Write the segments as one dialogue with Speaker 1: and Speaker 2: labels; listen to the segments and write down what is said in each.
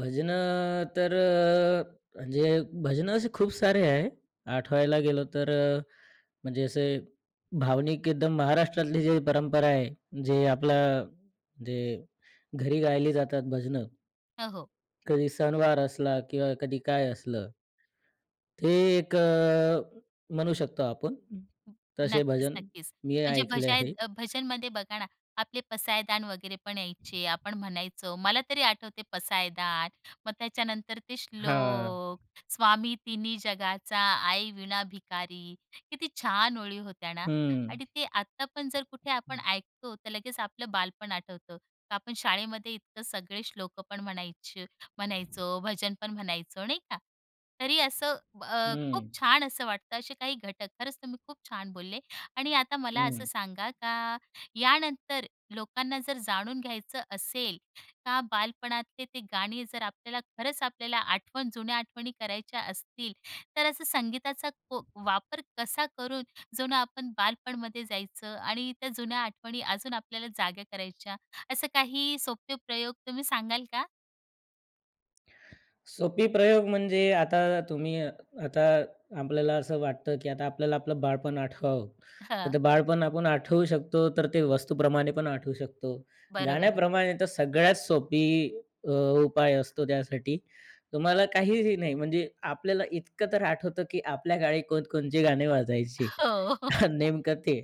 Speaker 1: भजनं तर अ, म्हणजे भजनं असे खूप सारे आहे. आठवायला गेलो तर अ, म्हणजे असे भावनिक एकदम महाराष्ट्रातली जी परंपरा आहे. जे आपला जे घरी गायली जातात भजनं
Speaker 2: हं, हो.
Speaker 1: कधी सणवार असला किंवा कधी काय असलं. ते एक अ, म्हणू शकतो आपण. तसे
Speaker 2: नक्कीच
Speaker 1: भजन
Speaker 2: नक्कीच.
Speaker 1: मी
Speaker 2: म्हणजे
Speaker 1: ऐकले
Speaker 2: भजाय
Speaker 1: आहे.
Speaker 2: अ, भजनमध्ये बघा ना आपले पसायदान वगैरे पण यायचे. आपण म्हणायचो मला तरी आठवते पसायदान. मग त्याच्यानंतर ते
Speaker 1: हां.
Speaker 2: श्लोक, "स्वामी तिन्ही जगाचा आई वीणा भिकारी." किती छान ओळी होत्या ना.
Speaker 1: हं.
Speaker 2: आणि ते आता पण जर कुठे आपण ऐकतो, तर लगेच आपलं बालपण आठवतं. का आपण शाळेमध्ये इतकं सगळे श्लोकं पण म्हणायची म्हणायचो, भजन पण म्हणायचो, नाही का? तरी असं अ, खूप
Speaker 1: हं.
Speaker 2: छान असं वाटतं असे काही घटक. खरंच तुम्ही खूप छान बोलले आणि आता मला असं
Speaker 1: हं.
Speaker 2: सांगा, का यानंतर लोकांना जर जाणून घ्यायचं असेल, का बालपणातले ते गाणी, जर आपल्याला खरंच आपल्याला आठवण, जुन्या आठवणी करायच्या असतील, तर असं संगीताचा को वापर कसा करून जूनं आपण बालपणमध्ये जायचं आणि त्या जुन्या आठवणी अजून आपल्याला जागा करायच्या, असे काही सोपे प्रयोग तुम्ही सांगाल का?
Speaker 1: सोपी प्रयोग म्हणजे आता तुम्ही, आता आपल्याला असं वाटतं की आता आपल्याला आपलं बालपण आठवावं. तर
Speaker 2: हं.
Speaker 1: ते बालपण आपण आठवू शकतो, तर ते वस्तूप्रमाणे पण आठवू शकतो,
Speaker 2: बरोबर आहे.
Speaker 1: गाण्याप्रमाणे तर सगळ्यात सोपी अ, उपाय असतो, त्यासाठी. तुम्हाला काहीही नाही म्हणजे आपल्याला इतकं तर आठवतं की आपल्या काळी कोण-कोणचे गाणे वाजायची
Speaker 2: हो.
Speaker 1: नेमकं, ते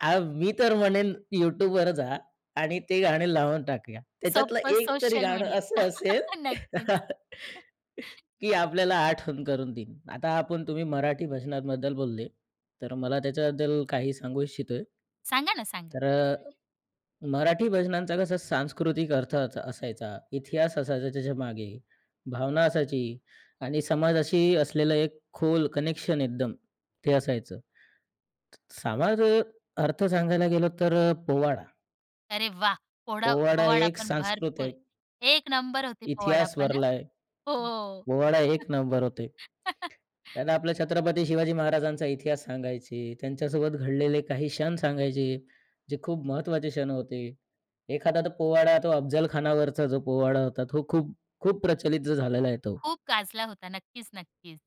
Speaker 1: अ, मी तर म्हणेन YouTubeवर जा आणि ते गाणे लावून टाकूया, त्याच्यातलं
Speaker 2: सोप्पं
Speaker 1: एक तरी
Speaker 2: सोशल
Speaker 1: गाणं
Speaker 2: मीडिया.
Speaker 1: असं असेल,
Speaker 2: नक्कीच.
Speaker 1: की आपल्याला आठवण करून देईन. आता आपण तुम्ही मराठी भजनांबद्दल बोलले, तर मला त्याच्याबद्दल काही सांगू इच्छितोय.
Speaker 2: सांगा ना. सांगा.
Speaker 1: तर अ, मराठी भजनांचा कसा सांस्कृतिक अर्थ च असायचा, इतिहास असायचा त्याच्यामागे, भावना असायची आणि समाजाशी असलेलं एक खोल कनेक्शन एकदम ते असायचं समाज अ, अर्थ सांगायला गेलो तर अ, पोवाडा.
Speaker 2: अरे वाह! पोडा
Speaker 1: पोवाडा
Speaker 2: पोवाडा
Speaker 1: एक
Speaker 2: पण
Speaker 1: सांस्कृत
Speaker 2: भरपूर
Speaker 1: आहे.
Speaker 2: एक नंबर होते
Speaker 1: इतिहास
Speaker 2: पोवाडापण हं.
Speaker 1: भरलाय.
Speaker 2: हो.
Speaker 1: पोवाडा 1 नंबर होते. त्यांना आपल्या छत्रपती शिवाजी महाराजांचा इतिहास सांगायचे, त्यांच्यासोबत घडलेले काही क्षण सांगायचे, जे खूप महत्वाचे क्षण होते. एखादा तो पोवाडा तो अफझलखानावरचा जो पोवाडा होता, तो खूप, खूप प्रचलित झालेला आहे तो.
Speaker 2: खूप गाजला होता. नक्कीच, नक्कीच.